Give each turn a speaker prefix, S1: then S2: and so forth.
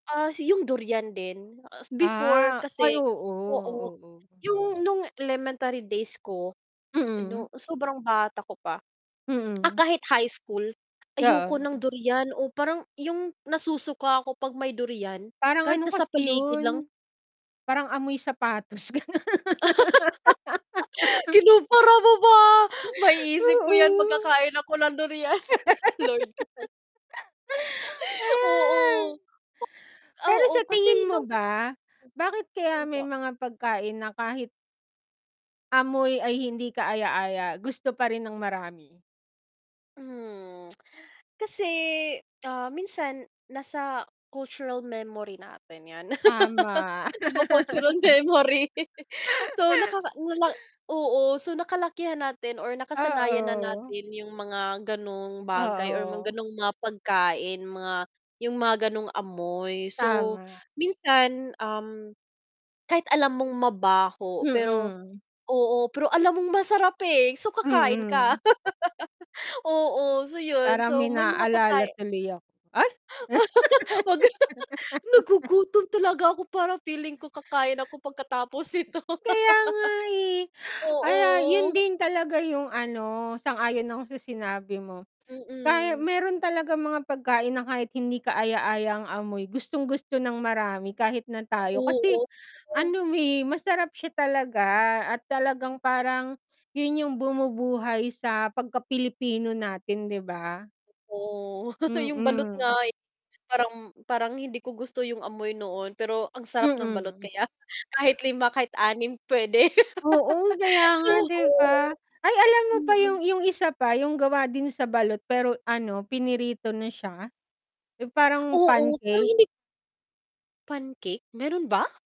S1: Ah, si yung durian din, ah, before
S2: Ah, ay
S1: kasi
S2: oo,
S1: oo,
S2: oo.
S1: yung nung elementary days ko
S2: Mm.
S1: 'no sobrang bata ko pa. Ah,
S2: Mm.
S1: kahit high school, ayoko ng
S2: Oo.
S1: durian o parang yung nasusuka ko pag may durian
S2: Parang
S1: kahit
S2: ano
S1: nasa
S2: kasi
S1: paligid lang.
S2: yun, parang amoy sapatos ganon.
S1: Kinumpara mo pa, maiisip ko yan
S2: Oo.
S1: magkakain ako ng durian, Lord.
S2: Ay.
S1: Oo.
S2: Pero
S1: Oo,
S2: sa
S1: kasi
S2: tingin mo
S1: nung
S2: ba, bakit kaya
S1: Mm,
S2: may
S1: po?
S2: mga pagkain na kahit amoy ay hindi kaaya-aya, gusto pa rin ng marami?
S1: Hmm, kasi, ah, minsan nasa cultural memory natin yan.
S2: Tama.
S1: Iba cultural memory. So, nakaka ano lang oo, so nakalakihan natin or nakasanayan na
S2: Oo.
S1: natin yung mga ganong bagay or mga
S2: Oo.
S1: ganong mga pagkain, mga yung mga ganong amoy. So,
S2: Tama.
S1: minsan, um, kahit alam mong mabaho pero
S2: Mm.
S1: oo, pero alam mong masarap eh, so kakain ka.
S2: Mm.
S1: Oo, so yun,
S2: Parang may
S1: so may mga
S2: naalala
S1: pagkai
S2: tuloy ako, ay!
S1: Huwag kang tuma nagugutom talaga ako para feeling ko kakain ako pagkatapos nito.
S2: Kaya nga eh, kaya yun
S1: Oo.
S2: din talaga yung ano sang-ayon ako sa sinabi mo. Kaya
S1: Mm.
S2: meron talagang mga pagkain na kahit hindi kaaya-aya ang amoy gustong gusto ng marami kahit na tayo,
S1: Oo.
S2: kasi ano eh masarap siya talaga at talagang parang yun yung bumubuhay sa pagka-Pilipino natin 'di ba?
S1: Oo, yung balot nga
S2: Mm.
S1: eh parang, parang hindi ko gusto yung amoy noon, pero ang sarap ng balot
S2: Mm.
S1: kaya, kahit 5 kahit 6 pwede.
S2: Oo, kaya nga 'di ba?
S1: Oo,
S2: Ay alam mo pa
S1: mm.
S2: yung yung isa pa yung gawa din sa balot pero ano pinirito na siya, yung parang
S1: Oo, pero
S2: pancake.
S1: hindi Pancake? Meron ba?